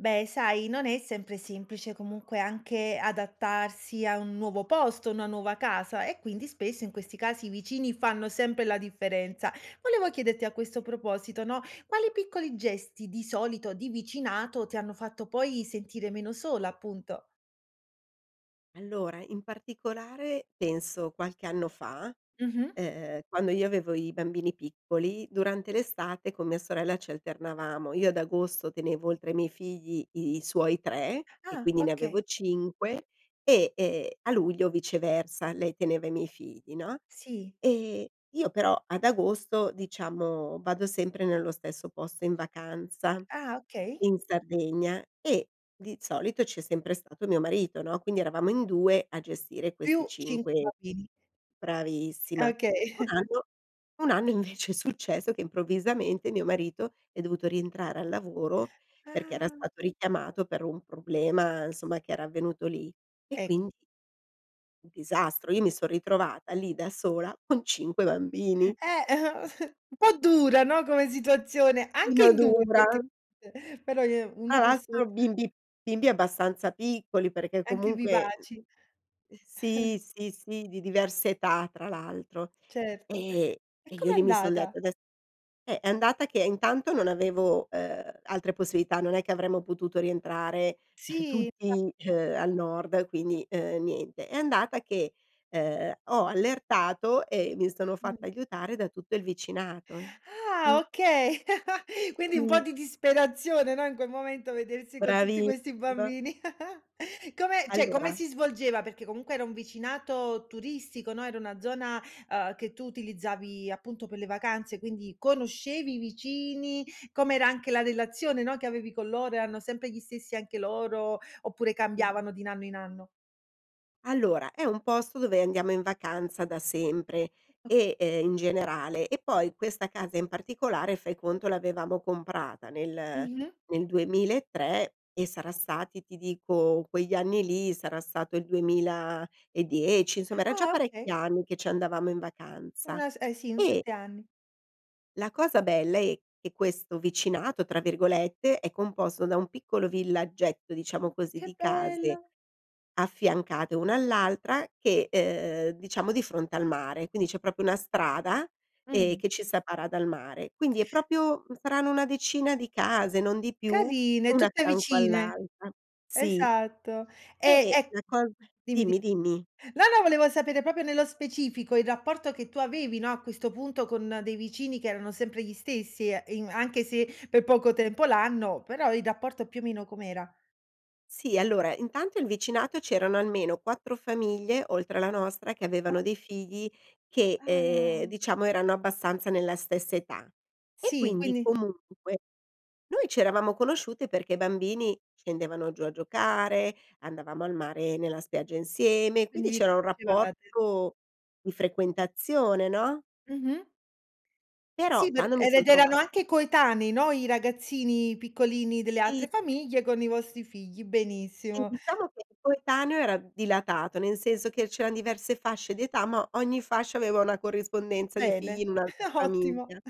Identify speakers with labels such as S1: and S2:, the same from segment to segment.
S1: Beh, sai non è sempre semplice comunque anche adattarsi a un nuovo posto, una nuova casa e quindi spesso in questi casi i vicini fanno sempre la differenza. Volevo chiederti a questo proposito, no, quali piccoli gesti, di solito, di vicinato ti hanno fatto poi sentire meno sola appunto?
S2: Allora, in particolare penso qualche anno fa,
S1: Mh-mh.
S2: uhm, quando io avevo i bambini piccoli durante l'estate con mia sorella ci alternavamo. Io ad agosto tenevo oltre ai miei figli i i suoi 3 e
S1: Ah,
S2: quindi ne
S1: okay.
S2: avevo 5 e, ehm, a luglio viceversa, lei teneva i miei figli, no,
S1: Sì.
S2: ehm, io però ad agosto diciamo vado sempre nello stesso posto in vacanza
S1: Ah, okay.
S2: in Sardegna e di solito c'è sempre stato mio marito, no, quindi eravamo in 2 a gestire questi
S1: Più 5
S2: 5
S1: bambini.
S2: bravissima,
S1: Okay
S2: un anno un anno invece è successo che improvvisamente mio marito è dovuto rientrare al lavoro perché era
S1: Ah!
S2: stato richiamato per un problema insomma che era avvenuto lì e
S1: Eh.
S2: quindi un disastro io mi son ritrovata lì da sola con 5 bambini.
S1: Eh eh un po' dura, no, come situazione, anche
S2: Ino
S1: in 2
S2: dura.
S1: effettivamente, però i ehm, 1
S2: Tra
S1: perso
S2: l'altro bimbi bimbi abbastanza piccoli perché
S1: Anche
S2: comunque uhm
S1: vivaci.
S2: sì, sì, sì di diverse età tra l'altro.
S1: Certo,
S2: Ehm,
S1: e
S2: e io
S1: com'è
S2: lì mi son detta
S1: andata?
S2: ades eh, è andata che intanto non avevo, Uhm, altre possibilità non è che avremmo potuto rientrare
S1: Sì.
S2: tutti,
S1: [unintelligible]
S2: uhm, al nord quindi, uhm, niente. È andata che, uhm, ho allertato e mi sono fatta aiutare da tutto il vicinato
S1: Ah,
S2: mh.
S1: okay! Quindi un po'
S2: Sì.
S1: di disperazione, no, in quel momento vedersi con tutti questi
S2: Bravissima!
S1: bambini. Come cioè come
S2: Allora
S1: si svolgeva perché comunque era un vicinato turistico, no, era una zona, uhm, che tu utilizzavi appunto per le vacanze quindi conoscevi i vicini? Com'era anche la relazione, no, che avevi con loro erano sempre gli stessi anche loro oppure
S2: Sì.
S1: cambiavano di in anno in anno?
S2: Allora, è un posto dove andiamo in vacanza da sempre
S1: Okay.
S2: e uhm, in generale e poi questa casa in particolare, fai conto, l'avevamo comprata nel
S1: Mh-mh.
S2: nel 2003 e sarà stati ti dico, quegli anni lì sarà stato il 2010, insomma, era già
S1: Ah,
S2: parecchi
S1: okay.
S2: anni che ci andavamo in vacanza
S1: Una s eh, sì un
S2: e
S1: 7 anni.
S2: la cosa bella è che: questo "vicinato," tra virgolette, è composto da un piccolo villaggetto, diciamo
S1: Mh,
S2: così,
S1: che
S2: di case
S1: bello!
S2: affiancate una all'altra che uhm, diciamo di fronte al mare, quindi c'è proprio una strada, ehm,
S1: Mh.
S2: che ci separa dal mare. Quindi è proprio, mhmm, saranno una decina di case, non di più,
S1: Carine
S2: una
S1: tutte
S2: accanto
S1: vicine!
S2: all'altra, sì.
S1: Esatto. Ehm,
S2: E
S1: ec dimmi,
S2: la cos dimmi, dimmi.
S1: dim no, no volevo sapere proprio nello specifico il rapporto che tu avevi, no, a questo punto con dei vicini che erano sempre gli stessi e in anche se per poco tempo l'anno, però il rapporto più o meno com'era?
S2: Sì, allora, intanto il vicinato c'erano almeno 4 famiglie, oltre alla nostra, che
S1: Ah?
S2: avevano dei figli che, ehm,
S1: Ah.
S2: diciamo erano abbastanza nella stessa età. E
S1: Sì.
S2: quindi,
S1: Quindi
S2: comunque, noi ci eravamo conosciute perché i bambini scendevano giù a giocare, andavamo al mare nella spiaggia insieme,
S1: quindi
S2: quindi
S1: vi
S2: c'era un
S1: conoscevate.
S2: rapporto di frequentazione, no?
S1: Mh-mh. Sì
S2: Però
S1: per
S2: quando mi
S1: era
S2: son
S1: ed
S2: trova
S1: erano anche coetanei, no, i ragazzini piccolini delle
S2: Sì.
S1: altre famiglie con i vostri figli,
S2: Sì,
S1: benissimo.
S2: diciamo che il coetaneo era d dilatato, cioè nel senso che c'erano diverse fasce di età, ma ogni fascia aveva una corrispondenza di figli in
S1: Bene,
S2: un'altra
S1: ottimo,
S2: famiglia.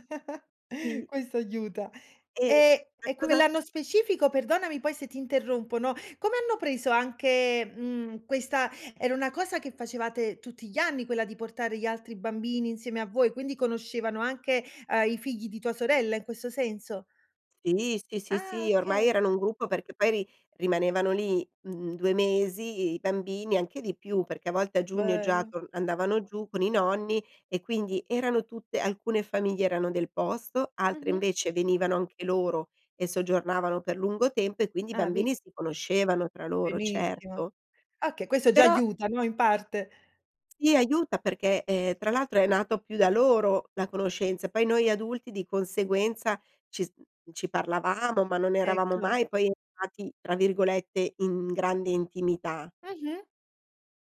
S2: Sì.
S1: questo aiuta.
S2: E
S1: Ehm,
S2: la
S1: e
S2: cosa
S1: quell'anno specifico perdonami poi se ti interrompo, no, come hanno preso anche, mhmm, questa era una cosa che facevate tutti gli anni, quella di portare gli altri bambini insieme a voi, quindi conoscevano anche, uhm, i figli di tua sorella in questo senso?
S2: Sì, sì, sì,
S1: Ah,
S2: sì, ormai
S1: okay.
S2: erano un gruppo perché poi ri rimanevano lì, mhmm, 2 mesi i i bambini anche di più, perché a volte a
S1: Che
S2: giugno già
S1: bello!
S2: torn andavano giù con i nonni e quindi erano tutte alcune famiglie erano del posto, altre
S1: Mh-mh.
S2: invece venivano anche loro e soggiornavano per lungo tempo e quindi i
S1: Ah, ve
S2: bambini si conoscevano tra loro,
S1: Benissimo.
S2: certo.
S1: Okay questo già
S2: Però
S1: aiuta, no, in parte.
S2: Sì, aiuta perché, ehm, tra l'altro è nato più da loro la conoscenza, poi noi adulti di conseguenza ci s mhmm, ci parlavamo ma non eravamo
S1: Ecco.
S2: mai poi entrati, tra virgolette, "in grande intimità."
S1: Mh-mh.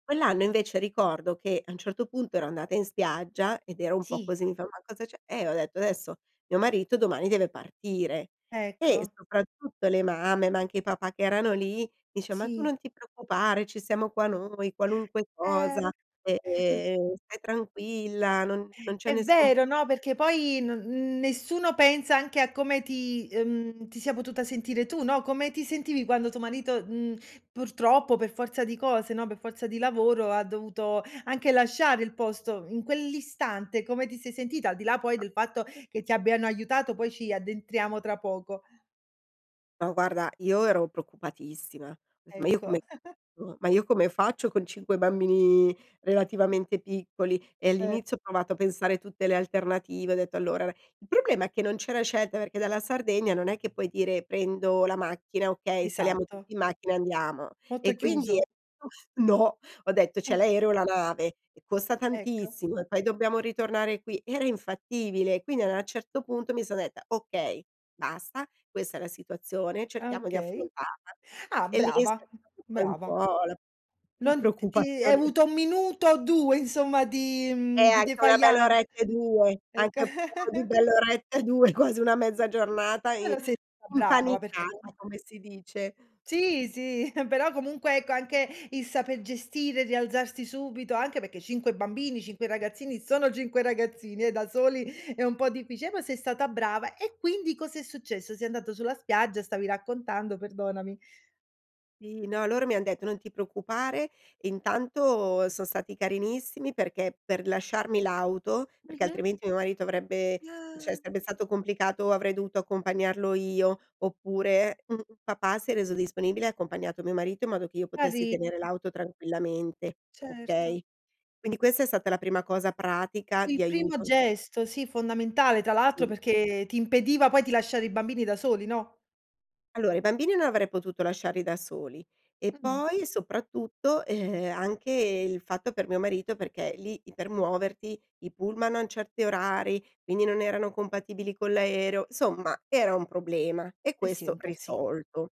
S2: Quell'anno, invece, ricordo che, a un certo punto ero andata in spiaggia ed ero un po'
S1: Sì.
S2: così, mi fa: "Ma cosa c'è?" Eh, ho detto: "Adesso, mio marito domani deve partire!" E,
S1: Ecco.
S2: soprattutto le mamme, ma anche i papà che erano lì, dice: "Ma tu
S1: Sì.
S2: non ti preoccupare, ci siamo qua noi, qualunque
S1: Eh.
S2: cosa, e
S1: M
S2: ehm, stai tranquilla non non c'è
S1: È
S2: nessun problema."
S1: vero, no, perché poi no n nessuno pensa anche a come ti, uhm, ti sia potuta sentire tu, no, come ti sentivi quando tuo marito, mhmm, purtroppo per forza di cose, no, per forza di lavoro, ha dovuto anche lasciare il posto, in quell'istante, come ti sei sentita? Al di là poi del fatto che ti abbiano aiutato, poi ci addentriamo tra poco.
S2: No guarda, io ero preoccupatissima! Detto: "Ma io
S1: Ecco.
S2: come [unintelligible] ma io come faccio con 5 bambini relativamente piccoli!" E
S1: E
S2: all'inizio ho provato a pensare tutte le alternative, ho detto: "Allora" il problema è che non c'era scelta, perché dalla Sardegna non è che puoi dire: "Prendo la macchina, okay, saliamo
S1: Esatto.
S2: tutti in macchina e andiamo."
S1: Molto
S2: E quindi
S1: chiuso.
S2: [unintelligible] no! Ho detto c'è l'aereo o la nave, e costa
S1: Ecco.
S2: tantissimo, e poi dobbiamo ritornare qui, era infattibile. Quindi an a un certo punto mi son detta: "Okay, basta. Questa è la situazione,
S1: Ah,
S2: cerchiamo di
S1: okay.
S2: affrontarla."
S1: Ah,
S2: E lì è
S1: brava.
S2: scattato poi un
S1: Brava.
S2: po' la p la
S1: Non ti ti hai
S2: preoccupazione
S1: avuto un minuto o 2 insomma di,
S2: Eh,
S1: mhmm, di
S2: anche 1 bella
S1: défaillance
S2: oretta e 2
S1: ecco.
S2: Anche [unintelligible] di bell'oretta e 2, quasi una mezza giornata im
S1: Però sei stata brava perché
S2: impanicata
S1: comunque
S2: come si dice.
S1: Sì, sì. Però comunque, ecco, anche il saper gestire e rialzarsi subito, anche perché 5 bambini, 5 ragazzini sono 5 ragazzini, eh, da soli è un po' difficile! Però sei stata brava! E quindi cosa è successo? Sei andata sulla spiaggia stavi raccontando, perdonami.
S2: Sì, no, loro mi han detto: "Non ti preoccupare." Intanto son stati carinissimi, perché per lasciarmi l'auto, perché
S1: Mh-mh.
S2: altrimenti mio marito avrebbe cioè
S1: Ah.
S2: sarebbe stato complicato, avrei dovuto accompagnarlo io, oppure, un papà si è reso disponibile e ha accompagnato mio marito in modo che io potessi
S1: Cari
S2: tenere l'auto tranquillamente,
S1: Certo.
S2: okay. Quindi questa è stata la prima cosa pratica di
S1: Il primo
S2: aiuto c
S1: gesto, sì, fondamentale, tra l'altro,
S2: Mh.
S1: perché ti impediva poi di lasciare i bambini da soli, no?
S2: Allora, i bambini non avrei potuto lasciarli da soli e
S1: Mh-mh.
S2: poi, soprattutto, e ehm, anche il fatto per mio marito perché lì i per muoverti, i pullman hanno certi orari, quindi non erano compatibili con l'aereo insomma era un problema! E
S1: Eh, sì,
S2: questo
S1: un po' sì.
S2: risolto.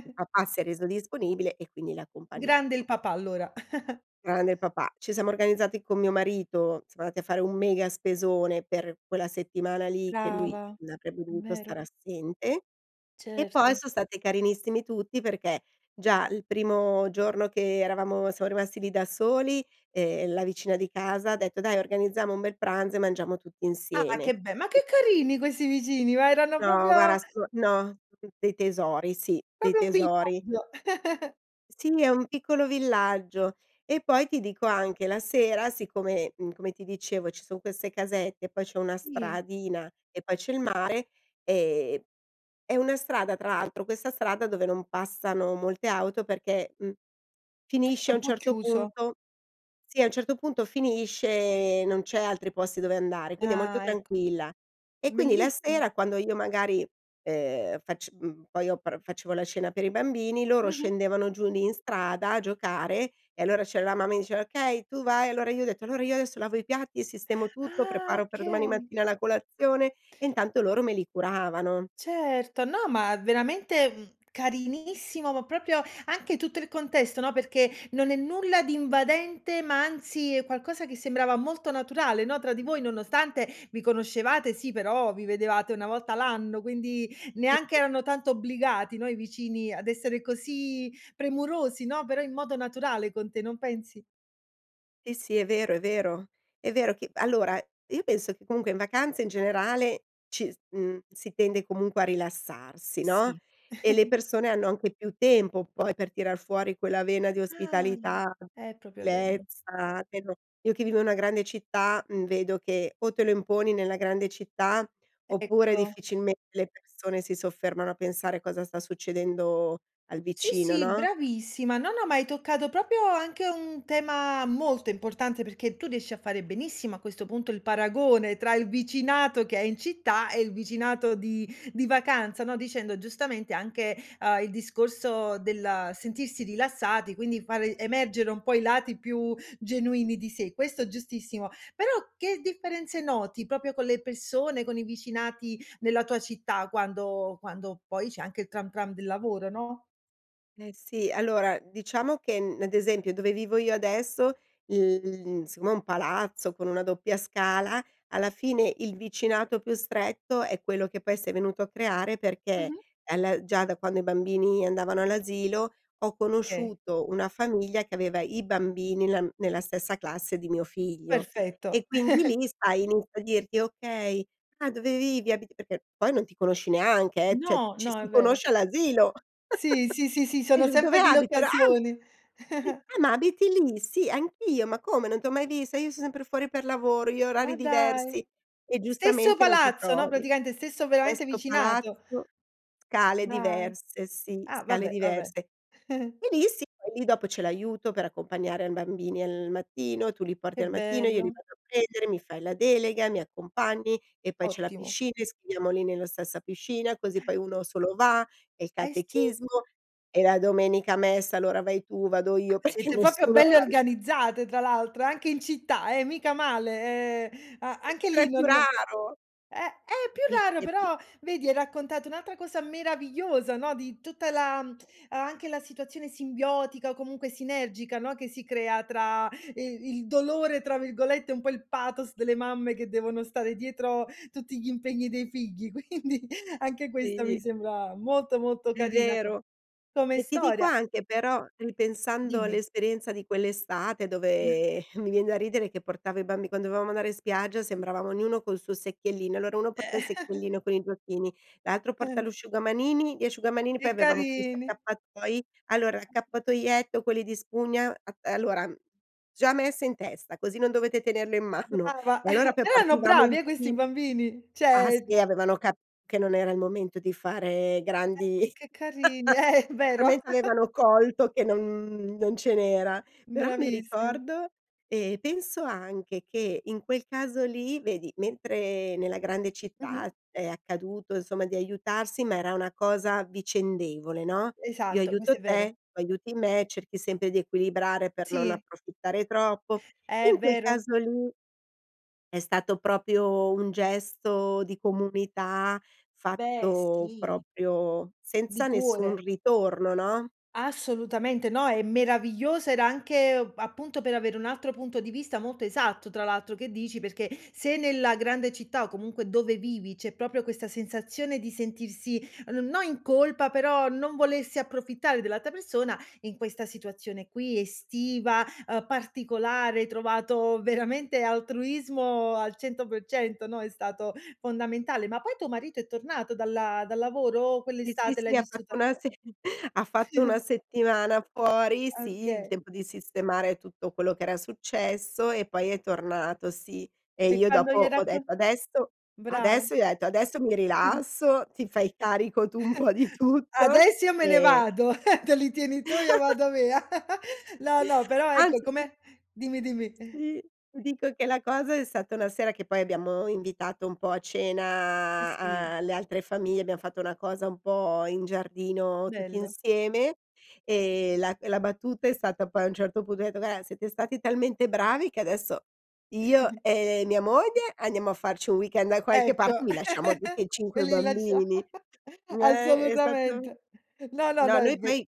S2: Il papà si è reso disponibile e quindi l'ha
S1: Grande il
S2: accompagnato.
S1: papà allora.
S2: Grande il papà. Ci siamo organizzati con mio marito, siamo andati a fare un mega spesone per quella settimana lì, che lui
S1: Brava,
S2: non avrebbe
S1: è
S2: dovuto
S1: vero.
S2: stare assente e poi
S1: Certo.
S2: son stati carinissimi tutti perché, già il primo giorno che eravamo siam rimasti lì da soli, ehm, la vicina di casa ha detto: "Dai organizziamo un bel pranzo e mangiamo tutti
S1: Ah che
S2: insieme".
S1: be ma che carini questi vicini! Ma erano
S2: No
S1: proprio
S2: guarda so no d dei tesori, sì, dei
S1: proprio un
S2: tesori!
S1: villaggio.
S2: Sì, è un piccolo villaggio! E poi, ti dico anche, la sera siccome, mhmm, come ti dicevo ci son queste casette e poi c'è una
S1: Sì.
S2: stradina e poi c'è il mare, ehm è una strada, tra l'altro, questa strada dove non passano molte auto perché, mhmm,
S1: È
S2: finisce a
S1: un
S2: un
S1: po'
S2: certo
S1: chiuso.
S2: punto sì, a un certo punto finisce, ehm, non c'è altri posti dove andare e quindi è molto
S1: Ah, ecco.
S2: tranquilla. E quindi la
S1: Bellissimo.
S2: sera quando io magari, uhm, fac mhmm, poi io pr facevo la cena per i bambini, loro
S1: Mh-mh.
S2: scendevano giù lì in strada a giocare e allora c'era la mamma mi diceva: "Okay tu vai!" Allora io ho detto: "Allora io adesso lavo i piatti e sistemo tutto,
S1: Ah,
S2: preparo per domani
S1: okay.
S2: mattina la colazione." E intanto loro me li curavano.
S1: Certo. No, ma veramente, mhmm, carinissimo ma proprio, anche tutto il contesto, no, perché non è nulla di invadente, ma anzi è qualcosa che sembrava molto naturale, no, tra di voi nonostante vi conoscevate, sì, però vi vedevate una volta l'anno. Quindi, neanche
S2: [unintelligible]
S1: erano tanto obbligati, no, i vicini ad essere così premurosi, no, però in modo naturale con te, non pensi?
S2: Sì, sì, è vero, è vero, è vero che allora io penso che comunque in vacanza in generale ci s mhmm, si tende comunque a rilassarsi, no,
S1: Sì.
S2: e le persone hanno anche più tempo poi per tirar fuori quella vena di
S1: Ah,
S2: ospitalità,
S1: è proprio vero.
S2: gentilezza che non io che vivo in una grande città, mhmm, vedo che o te lo imponi nella grande città, oppure
S1: Ecco.
S2: difficilmente le persone si soffermano a pensare cosa sta succedendo al
S1: Sì,
S2: vicino,
S1: sì
S2: no?
S1: bravissima! No, no ma hai toccato proprio anche un tema molto importante, perché tu riesci a fare benissimo, a questo punto, il paragone tra il vicinato che è in città e il vicinato di di vacanza, no, dicendo giustamente anche, uhm, il discorso del sentirsi rilassati quindi fare emergere un po' i lati più genuini di sé. Questo è giustissimo. Però che differenze noti, proprio con le persone, con i vicinati nella tua città, quando quando poi c'è anche il Tram Tram del lavoro, no?
S2: Eh, sì allora, diciamo che n ad esempio dove vivo io adesso l siccome è un palazzo con una doppia scala, alla fine il vicinato più stretto è quello che poi s'è venuto a creare perché
S1: Mh-mh.
S2: alla già da quando i bambini andavano all'asilo ho
S1: Mh, okay.
S2: conosciuto una famiglia che aveva i bambini la mhmm, nella stessa classe di mio figlio
S1: Perfetto!
S2: e quindi lì, sai, inizi a dirti: "Okay. Ah dove vivi? Abiti" Perché poi non ti conosci neanche, eh, cioè
S1: No,
S2: ci
S1: no
S2: si
S1: è vero.
S2: conosce all'asilo.
S1: Sì, sì, sì, sì,
S2: E
S1: sono
S2: io: "Dove
S1: sempre delle
S2: abito?" Era "Ah!
S1: occasioni.
S2: Sì. Ah ma abiti lì? Sì. Anch'io, ma come non t'ho mai vista. Io son sempre fuori per lavoro. Io ho orari
S1: Ma dai!
S2: diversi." E
S1: Stesso
S2: giustamente non ti
S1: palazzo, no,
S2: trovi.
S1: praticamente stesso, veramente,
S2: Stesso
S1: vicinato.
S2: palazzo, scale
S1: Dai!
S2: diverse, sì,
S1: Ah,
S2: scale
S1: vabbè, vabbè.
S2: diverse. Benissimo. E lì sì poi lì dopo c'è l'aiuto per accompagnare a bambini al mattino. "Tu li porti
S1: Che
S2: al mattino, io li
S1: bello!
S2: vado a prendere. Mi fai la delega, mi accompagni, e poi c'è la
S1: Ottimo.
S2: piscina, iscriviamoli nella stessa piscina così poi uno solo va. E il
S1: Eh, sì.
S2: catechismo e la domenica a messa allora vai tu, vado io perché
S1: Siete proprio
S2: nessuno"
S1: belle organizzate, tra l'altro anche in città, eh, mica male, ehm, a anche
S2: Era
S1: lì
S2: più
S1: non eh,
S2: raro.
S1: è più raro
S2: Capisci è più
S1: però vedi hai raccontato un'altra cosa meravigliosa, no, di tutta la uhm, anche la situazione simbiotica o comunque sinergica, no, che si crea tra "i il dolore" tra virgolette, un po' il pathos delle mamme che devono stare dietro tutti gli impegni dei figli quindi anche questo mi
S2: Sì.
S1: sembra molto, molto
S2: È
S1: carina co
S2: vero.
S1: come
S2: E ti dico
S1: storia.
S2: anche però ripensando
S1: Dimmi.
S2: all'esperienza di quell'estate dove mi vien da ridere che portava i bambi quando dovevamo andare in spiaggia sembravamo ognuno col suo secchiellino: "Allora uno
S1: E
S2: porta il secchiellino con i giochini, l'altro porta l'usciugamanini gli asciugamani." Poi
S1: Che
S2: avevamo questi
S1: carini!
S2: accappatoi: "Allora l'accappatoietto quelli di spugna a uhm, allora uhm già messa in testa così non dovete tenerlo in mano."
S1: Brava
S2: E allora poi
S1: erano
S2: partivamo
S1: bravi,
S2: in
S1: eh, questi
S2: fila
S1: bambini
S2: ah,
S1: cioè,
S2: sì
S1: mhmm
S2: avevano capito che non era il momento di fare
S1: Eh,
S2: grandi
S1: che carini eh-eh vero.
S2: finalmente avevano colto che non mhmm, non ce n'era. Però mi
S1: Bravissimi.
S2: ricordo ehm, penso anche che in quel caso lì vedi mentre nella grande città
S1: Mh-mh.
S2: è accaduto, insomma, di aiutarsi ma era una cosa vicendevole, no, "Io
S1: Esatto,
S2: aiuto
S1: questo è vero.
S2: te tu aiuti me." Cerchi sempre di equilibrare per non
S1: Sì.
S2: approfittare troppo,
S1: Eh, è
S2: in quel
S1: vero.
S2: caso lì è stato proprio un gesto di comunità
S1: Beh,
S2: fatto
S1: sì.
S2: proprio
S1: Di
S2: senza nessun
S1: cuore.
S2: ritorno, no?
S1: Assolutamente, no, è meraviglioso, era anche, uhm, appunto per avere un altro punto di vista molto esatto tra l'altro, che dici? Perché se nella grande città, o comunque dove vivi, c'è proprio questa sensazione di sentirsi, uhm, n no in colpa però non volersi approfittare dell'altra persona, in questa situazione qui estiva, uhm, particolare, hai trovato veramente altruismo al 100% no, è stato fondamentale. Ma poi tuo marito è tornato dalla dal lavoro, o
S2: Sì, sì,
S1: quell'estate l'hai
S2: sì, ha
S1: vissuta
S2: fatto una se ha fatto una settimana fuori, sì il
S1: Oka
S2: tempo di sistemare tutto quello che era successo e poi è tornato, sì, e
S1: E
S2: io
S1: quando
S2: dopo
S1: gli'hai
S2: ho
S1: raccon
S2: detto: "Adesso
S1: brava.
S2: adesso" Gli ho detto: "Adesso mi rilasso ti fai carico tu un po' di
S1: "A
S2: tutto."
S1: adesso io me ne
S2: Ehm
S1: vado, te li tieni tu io vado via." No, no però ecco
S2: Anzi
S1: com'è dimmi, dimmi.
S2: Sì, ti dico che la cosa è stata una sera che poi abbiamo invitato un po' a
S1: Sì, sì.
S2: cena a le altre famiglie, abbiam fatto una cosa un po' in giardino tutti
S1: Bello.
S2: insieme e la e la battuta è stata poi a un certo punto ho detto: "Guarda, siete stati talmente bravi che adesso io e mia moglie andiamo a farci un weekend da qualche
S1: Ecco,
S2: parte e vi lasciamo tutti e
S1: "Ve
S2: 5
S1: li lascia"
S2: bambini." Ehm, è stato
S1: Assolutamente, no, no, no,
S2: No,
S1: è
S2: noi
S1: ve
S2: poi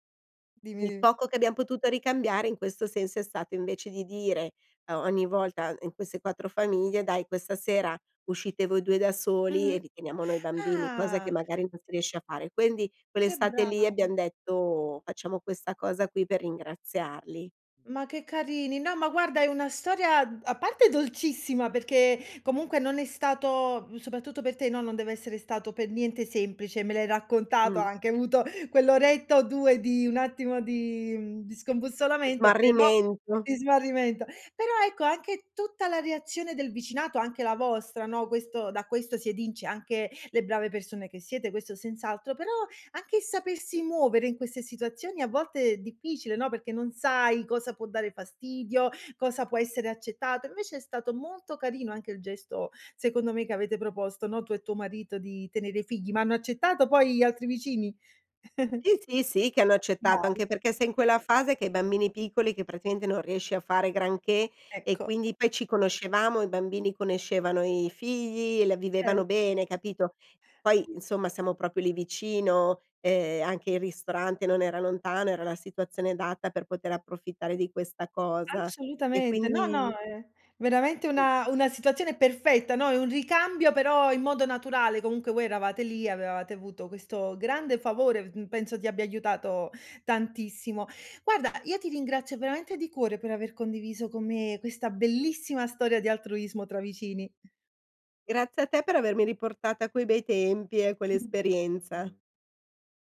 S1: dimmi,
S2: il
S1: dimmi.
S2: poco che abbiam potuto ricambiare in questo senso è stato invece di dire o ogni volta in queste 4 famiglie: "Dai questa sera uscite voi 2 da soli e
S1: Mh-mh
S2: vi teniamo noi bambini." Cosa che
S1: ah!
S2: magari non si riesce a fare. Quindi
S1: Che
S2: quell'estate lì
S1: bravi!
S2: abbiam detto: "Facciamo questa cosa qui per ringraziarli."
S1: Ma che carini! No ma guarda è una storia d a parte dolcissima perché comunque non è stato mhmm, soprattutto per te, no, non deve essere stato pe niente semplice me l'hai raccontato, hai
S2: Mh.
S1: anche avuto quell'oretta o 2 di un attimo di mhmm, di scombussolamento, però
S2: Smarrimento.
S1: di smarrimento, però ecco anche tutta la reazione del vicinato anche la vostra, no, questo da questo si evince anche le brave persone che siete, questo senz'altro, però anche il sapersi muovere in queste situazioni a volte è difficile, no, perché non sai cosa può dare fastidio cosa può essere accettato. Invece è stato molto carino anche il gesto, secondo me, che avete proposto, no, tu e tuo marito di tenere i figli, ma hanno accettato poi gli altri vicini?
S2: Sì, sì, sì che hanno accettato,
S1: Bravi.
S2: anche perché sei in quella fase che hai i bambini piccoli che, praticamente, non riesci a fare granché e
S1: Ecco.
S2: quindi poi ci conoscevamo, i bambini conoscevano i figli, e la
S1: Ce
S2: vivevano bene, capito, poi insomma siamo proprio lì vicino, uhm, anche il ristorante non era lontano, era la situazione adatta per poter approfittare di questa cosa, e
S1: Assolutamente, no, no,
S2: quindi
S1: è veramente una una situazione perfetta, no, è un ricambio però in modo naturale, comunque voi eravate lì, avevate avuto questo grande favore v d mhmm, penso ti abbia aiutato tantissimo. Guarda, io ti ringrazio veramente di cuore per aver condiviso con me questa bellissima storia di altruismo tra vicini.
S2: Grazie a te per avermi riportata a quei bei tempi e a
S1: Mh.
S2: quell'esperienza.